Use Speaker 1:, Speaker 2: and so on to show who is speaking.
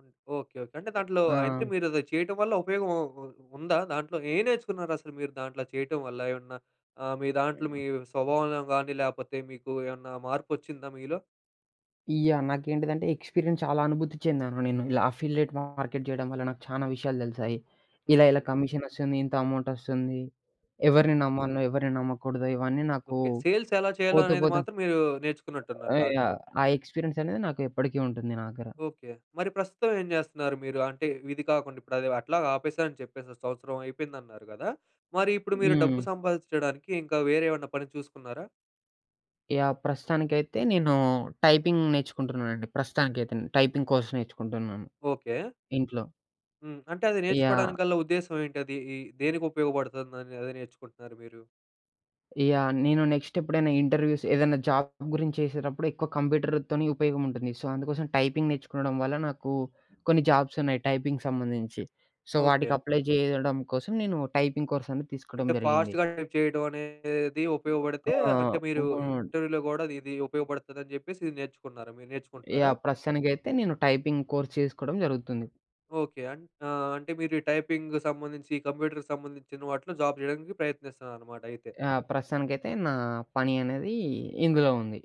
Speaker 1: Okay. Okay. అంటే దాంట్లో, అంటే
Speaker 2: ఆ!
Speaker 1: మీరది చేయటం వల్ల ఉపయోగం ఉ ఉ ఉందా దాంట్లో? ఏం నేర్చుకున్నారసలు మీరు దాంట్లో చేయటం వల్ల? ఏమన్నా ఆహ్, మీ దాంట్లో
Speaker 2: హ్మ్.
Speaker 1: మీ స్వభావంలో గానీ, లేపోతే మీకు ఏమన్నా మార్పొచ్చిందా మీలో?
Speaker 2: యాహ్! నాకేంటిదంటే, ఎక్స్పీరియన్స్ చాలా అనుభూతి చెందాను నేను. ఇలా అఫిల్లేట్ మార్కెట్ జేయడం వల్ల, నాకు చానా విషయాలు దెలిసాయి. ఇలా, ఇలా
Speaker 1: హుహు.
Speaker 2: కమిషనొస్తుంది, ఇంత అమౌంటొస్తుంది,
Speaker 1: హ్మ్.
Speaker 2: ఎవరిని నమ్మాల్నో, ఎవరిని నమ్మకూడదో, ఇవన్నీ నాకూ
Speaker 1: ఓకే. సేల్స్ ఎలా చేయాలో
Speaker 2: పోతూ,
Speaker 1: అనేది
Speaker 2: పోతూ
Speaker 1: మాత్రం, మీరూ నేర్చుకున్నట్టున్నారు
Speaker 2: ఆ!
Speaker 1: దాంట్లో.
Speaker 2: యాహ్! ఆ ఎక్స్పీరియన్స్ అనేది నాకు ఎప్పడికీ ఉంటుంది నా దగ్గర.
Speaker 1: ఓకే. మరి ప్రస్తుతం ఏం చేస్తున్నారు మీరు? అంటే, విది కాకుండా ఇప్పుడదవి అట్లాగ ఆపేశా అని చెప్పేసి, సంవత్సరం అయిపోయిందన్నారు గదా! మరిప్పుడు, మీరు డబ్బు
Speaker 2: హ్మ్.
Speaker 1: సంపాదిచ్చడానికి, ఇంకా వేరే ఏమన్నా పని చూసుకున్నారా?
Speaker 2: యాహ్! ప్రస్తుతానికైతే, నేనూ టైపింగ్ నేర్చుకుంటున్నానండి. ప్రస్తుతానికైతే టైపింగ్ కోర్స్ నేర్చుకుంటున్నాను.
Speaker 1: ఓకే.
Speaker 2: ఇంట్లో.
Speaker 1: హ్మ్. అంటే అది
Speaker 2: యాహ్!
Speaker 1: నేర్చుకోవడానిగల్ల ఉద్దేశం ఏంటది? ఈ దేనికుపయోగపడుతుందని అదే నేర్చుకుంటున్నారు మీరు?
Speaker 2: యాహ్! నేను నెక్స్టెప్పుడైనా ఇంటర్వ్యూస్, ఏదన్నా జాబ్ గురించేసేడప్పుడెక్కువ కంప్యూటరుతోని ఉపయోగముంటుంది. సో, అందుకోసం టైపింగ్ నేర్చుకొనడం వల్ల నాకూ, కొన్ని జాబ్సున్నాయి టైపింగ్ సంబంధించి. సో, వాటికి
Speaker 1: ఓకే.
Speaker 2: అప్లై జేయడం కోసం నేనూ టైపింగ్ కోర్సనేది తీసుకోడం
Speaker 1: అంటే,
Speaker 2: జరిగింది.
Speaker 1: ఫాస్ట్‌గా చేయడమనేది
Speaker 2: ఆ!
Speaker 1: ఉపయోగపడితే, అంటే మీరు
Speaker 2: ఉపయోడ్
Speaker 1: ఇంటర్వ్యూ‌లో గూడా అదిది ఉపయోగపడతదని చెప్పేసి ఇది నేర్చుకున్నారా మీ నేర్చుకుంటున్నారా?
Speaker 2: యాహ్! ప్రస్తుతానికైతే, నేను టైపింగ్ కోర్స్ చేసుకోవడం జరుగుతుంది.
Speaker 1: ఓకే. అన్ ఆహ్, అంటే మీరీ టైపింగ్ సంబంధించి, కంప్యూటరరుకి సంబంధించిన వాటిలో జాబ్ జేయడానికి ప్రయత్నిస్తన్నారనమాట అయితే.
Speaker 2: యాహ్! ప్రస్తుతానికైతే, నా పని అనేదీ ఇందులో ఉంది.